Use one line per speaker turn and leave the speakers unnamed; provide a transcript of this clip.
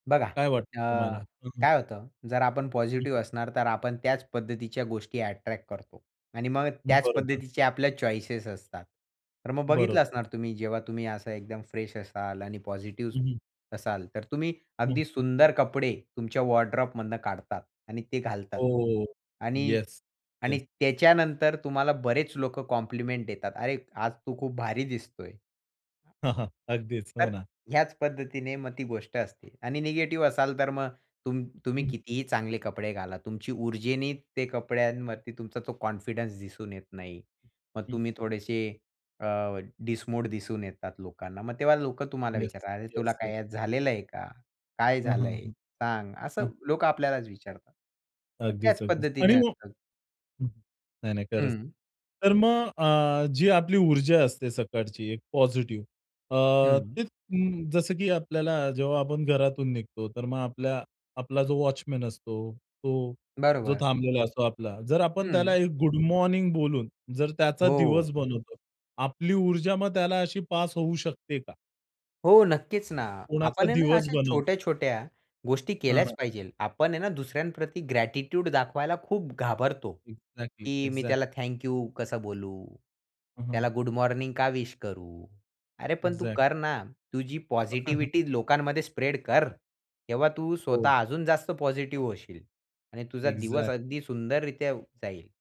बघा
काय वाटतं तुम्हाला?
अ,
हं, हं.
काय होतं, जर आपण
हं,
पॉझिटिव्ह
हं.
असणार, तर आपण त्याच पद्धतीच्या गोष्टी अट्रॅक्ट करतो आणि मग
हं,
त्याच
बरोबर.
पद्धतीचे आपल्या चॉईसेस असतात. तर मग बघितलं
बरोबर.
असणार तुम्ही, जेव्हा तुम्ही असं एकदम फ्रेश असाल आणि पॉझिटिव्ह
हं, हं.
असाल, तर तुम्ही
हं.
अगदी सुंदर कपडे तुमच्या वॉर्डरोब मधून काढतात आणि ते घालतात
ओह!
आणि
येस,
आणि
येस.
त्याच्यानंतर तुम्हाला बरेच लोकं कॉम्प्लिमेंट देतात. अरे! आज तू खूप भारी दिसतोय!
अगदीच. हो
तर
ना.
ह्याच पद्धतीने मग ती गोष्ट असते. आणि निगेटिव्ह असाल, तर मग तुम्ह तुम्ही
हं.
कितीही चांगले कपडे घाला. तुमची ऊर्जेने ते कपड्यांवरती तुमचा तो कॉन्फिडन्स दिसून येत नाही. मग
हं.
तुम्ही थोडेसे अ, डिसमोड दिसून येतात लोकांना. मग तेव्हा लोकं तुम्हाला
येस,
विचारतात. "अरे तुला
येस, येस.
काय झालेलं आहे का? काय
हं, हं,
झालंय सांग?"
हं.
असं
हं.
लोकं आपल्यालाच विचारतात" मग
अगदीच,
त्याच
अगदीच.
पद्धतीने
आणि मग
असतात.
नाही, नाही खरंच.
हं.
तर मग अ, जी आपली ऊर्जा असते, सकाळची एक पॉझिटिव्ह अ,
हं.
ती जसं की आपल्याला जेव्हा आपण घरातून निघतो, तर मग आपल्या आपला जो वॉचमन असतो. तो जो
बरोबर.
थांबलेला असतो आपला. जर आपण त्याला
हं.
एक गुड मॉर्निंग बोलून, जर त्याचा दिवस
हो.
बनवतो, आपली ऊर्जा मग त्याला अशी पास होऊ शकते का?
हो, नक्कीच ना.
कुणाचा
आपण आहे ना
दिवस
अशा
बनवू.
छोट्या, छोट्या गोष्टी
हं,
केल्याच
हं.
पाहिजे. आपण आहे ना दुसऱ्यांप्रती ग्रॅटिट्यूड दाखवायला खूप घाबरतो,
एक्झॅक्टली,
की मी
एक्झॅक्टली.
त्याला थँक यू कसं बोलू?
हं, हं.
त्याला गुड मॉर्निंग का विश करू? अरे पण तू
एक्झॅक्टली.
कर ना. तुझी पॉझिटिव्हिटी लोकांमध्ये स्प्रेड कर. तेव्हा तू
हो.
स्वतः अजून जास्त पॉझिटिव्ह होशील आणि तुझा दिवस
एक्झॅक्टली.
अगदी सुंदररित्या जाईल.